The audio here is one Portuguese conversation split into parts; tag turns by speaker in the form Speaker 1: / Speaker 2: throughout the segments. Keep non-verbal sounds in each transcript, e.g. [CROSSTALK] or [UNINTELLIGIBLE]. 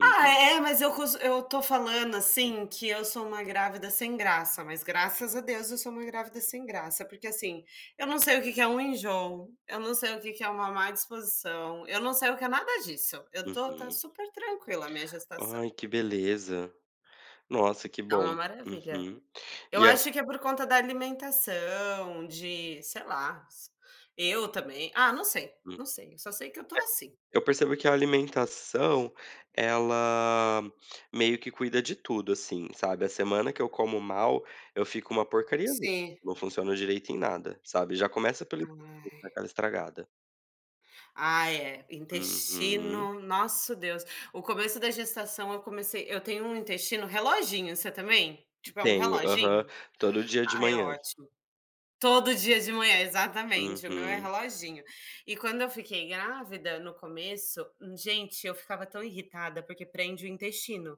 Speaker 1: Ah
Speaker 2: Uhum.
Speaker 1: é, mas eu cons eu estou falando, assim, que eu sou uma grávida sem graça, mas graças a Deus eu sou uma grávida sem graça, porque, assim, eu não sei o que que é um enjoo, eu não sei o que que é uma má disposição, eu não sei o que é nada disso, eu estou está
Speaker 2: Uhum.
Speaker 1: super tranquila a minha
Speaker 2: Ai
Speaker 1: gestação.
Speaker 2: que beleza. Nossa que
Speaker 1: É
Speaker 2: bom.
Speaker 1: uma maravilha.
Speaker 2: Uhum.
Speaker 1: Eu
Speaker 2: E a
Speaker 1: acho que é por conta da alimentação, de, sei lá, eu também, ah, não sei,
Speaker 2: Hum. Eh,
Speaker 1: não sei, eu só sei que eu estou, assim.
Speaker 2: eu percebo que a alimentação, ela meio que cuida de tudo, assim, sabe, a semana que eu como mal, eu fico uma porcariazinha,
Speaker 1: Sim.
Speaker 2: não funciona direito em nada, sabe? Já começa pelo [UNINTELLIGIBLE]
Speaker 1: Ai.
Speaker 2: aquela estragada.
Speaker 1: Ai é,
Speaker 2: Uhum.
Speaker 1: intestino, nosso Deus, o começo da gestação eu comecei eu tenho um intestino reloginho, você também? Tipo é um
Speaker 2: Tenho, aham,
Speaker 1: reloginho?
Speaker 2: todo dia de
Speaker 1: Ai é
Speaker 2: manhã.
Speaker 1: ótimo. Todo dia de manhã exatamente, o meu é
Speaker 2: Uhum.
Speaker 1: reloginho. E quando eu fiquei grávida no começo, gente eu ficava tão irritada, porque prende o intestino.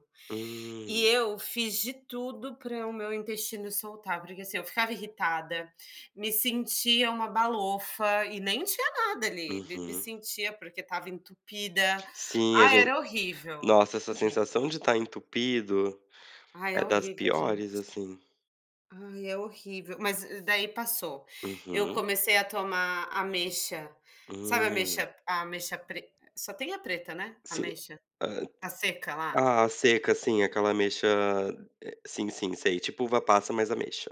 Speaker 1: E
Speaker 2: Hum.
Speaker 1: eu fiz de tudo para o meu intestino soltar, porque, assim, eu ficava irritada, me sentia uma balofa e nem tinha nada ali, me me
Speaker 2: Uhum.
Speaker 1: sentia, porque estava entupida,
Speaker 2: Sim a
Speaker 1: ah,
Speaker 2: gen
Speaker 1: era horrível,
Speaker 2: nossa, essa
Speaker 1: horrível.
Speaker 2: sensação de estar entupido,
Speaker 1: Ai é
Speaker 2: é das
Speaker 1: horrível
Speaker 2: piores,
Speaker 1: gente.
Speaker 2: assim.
Speaker 1: Ai é horrível, mas daí passou, eu
Speaker 2: Uhum.
Speaker 1: comecei a tomar ameixa, sabe,
Speaker 2: Hum.
Speaker 1: ameixa, ameixa pre só tem a preta, né,
Speaker 2: Sim.
Speaker 1: ameixa a seca lá.
Speaker 2: Ah a seca, assim, aquela ameixa, eh, sim sim sei, tipo uva passa mais ameixa.